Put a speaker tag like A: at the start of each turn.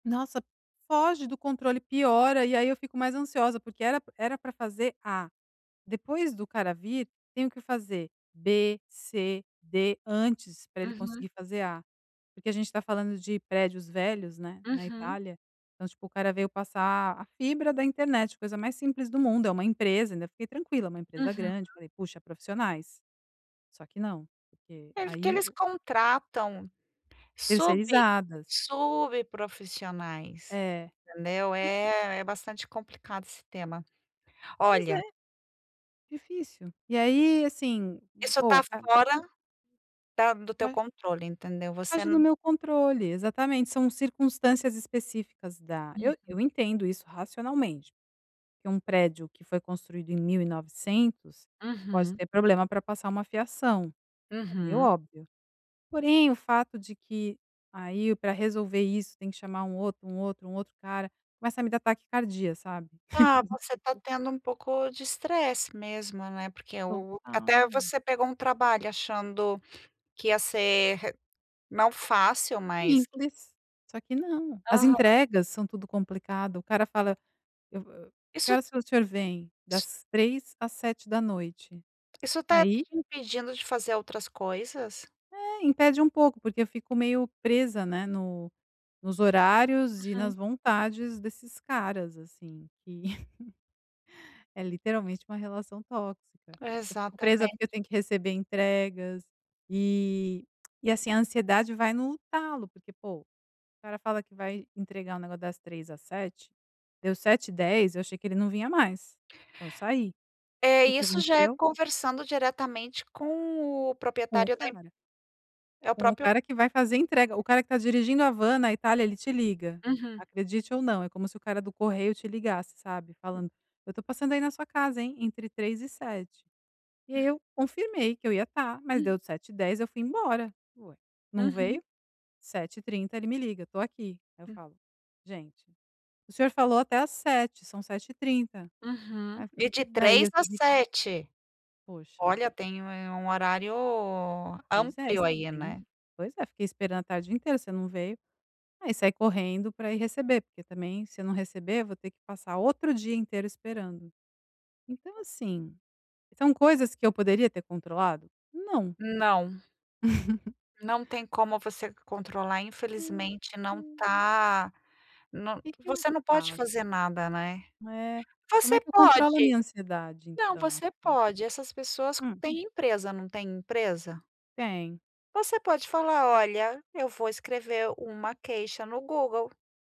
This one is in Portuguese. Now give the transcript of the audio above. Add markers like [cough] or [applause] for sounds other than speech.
A: Nossa, foge do controle, piora e aí eu fico mais ansiosa, porque era p era pra fazer "A". Depois do cara vir, tenho que fazer "B", "C", "D", antes, pra ele
B: Uhum.
A: conseguir fazer "A". Porque a gente está falando de prédios velhos, né, na
B: Uhum.
A: Itália. Então tipo o cara veio passar a fibra da internet, coisa mais simples do mundo, é uma empresa, ainda fiquei tranquila, é uma empresa
B: Uhum.
A: grande, falei: "Puxa. Profissionais.". Só que não, porque
B: É, porque
A: aí
B: eles
A: o
B: contratam sub
A: Terceirizadas.
B: sub profissionais,
A: É.
B: entendeu. É é bastante complicado esse tema.
A: Mas é
B: Olha
A: difícil. E aí, assim,
B: isso
A: pô,
B: está
A: o ca
B: fora da do teu
A: Ma
B: controle, entendeu, você
A: Foge
B: na
A: do meu controle, exatamente. São circunstâncias específicas da eu
B: Uhum.
A: eu entendo isso, racionalmente, que um prédio que foi construído em 1900, pode
B: Uhum.
A: ter problema pra passar uma fiação. É meio
B: Uhum.
A: óbvio. Porém o fato de que, aí pra resolver isso tem que chamar um outro, um outro, um outro cara, começa a me dar taquicardia, sabe,
B: Ah,
A: [chuckles]
B: você está
A: tipo
B: tendo um pouco de estresse mesmo, né, porque o até
A: Total.
B: você pegou um trabalho achando que ia ser re não "fácil", mas
A: Simples, só que não, as
B: Aham.
A: entregas são tudo complicada, o cara fala: "Eu vou, eh", "Que
B: Isso
A: horas o senhor vem?".
B: so
A: "Das 15h às 19h.
B: isso está
A: Aí
B: te impedindo de fazer outras coisas?
A: É, impede um pouco, porque eu fico meio presa, né, no nos horários e
B: Uhum.
A: nas vontades desses caras, assim, que [chuckles] é literalmente uma relação tóxica. Eu fico presa
B: Exatamente.
A: porque eu tenho que receber entregas, eh, e, assim, a ansiedade vai no talo, porque, pô, o cara fala que vai entregar o negócio das 15h às 19h, deu 19:10h eu achei que ele não vinha mais. Então saí.
B: É,
A: Que que
B: isso já é
A: aconteceu?
B: conversando diretamente com o
A: Com o
B: proprietário da em
A: cara.
B: é o
A: Com o
B: próprio
A: cara que vai fazer entrega o cara que tá dirigindo a van na Itália ele te liga.
B: Uhum.
A: Acredite ou não, é como se o cara do correio te ligasse, sabe,
B: Hum.
A: falando: "Eu tô passando aí na sua casa, hein, entre 15h e 19h. E aí eu confirmei que eu ia estar, mas
B: Hum.
A: deu 19:10h, eu fui embora. Ué! Não
B: Uhum.
A: veio. 19:30h, ele me liga: "Tô aqui.". Aí eu
B: Hum.
A: falo: "Gente, o senhor falou até às 19h, são 19:30h".
B: Uhum.
A: Aí, fa
B: E de
A: é, e
B: 3
A: eu
B: às
A: tive
B: 7.
A: Poxa.
B: Olha, tem um eh, um horário
A: "Pois é,
B: amplo, aí,
A: extendi".
B: né.
A: "Pois é, fiquei esperando a tarde inteira, você não veio.". Aí saí correndo pra ir receber, porque, também, se eu não receber eu vou ter que passar outro dia inteiro esperando. Então assim, são coisas que eu poderia ter controlado? Não.
B: Não.
A: [laughs]
B: Não tem como você controlar, infelizmente, não tá, no
A: Que que eu
B: você não pode
A: faço?
B: fazer nada, né.
A: É, como é
B: Você
A: que eu controlo a
B: pode
A: minha ansiedade,
B: não,
A: então?
B: você pode. Essas pessoas
A: Hum.
B: têm empresa, não têm empresa?
A: Tem.
B: Você pode fala: "Olha, eu vou escrever uma queixa no Google.".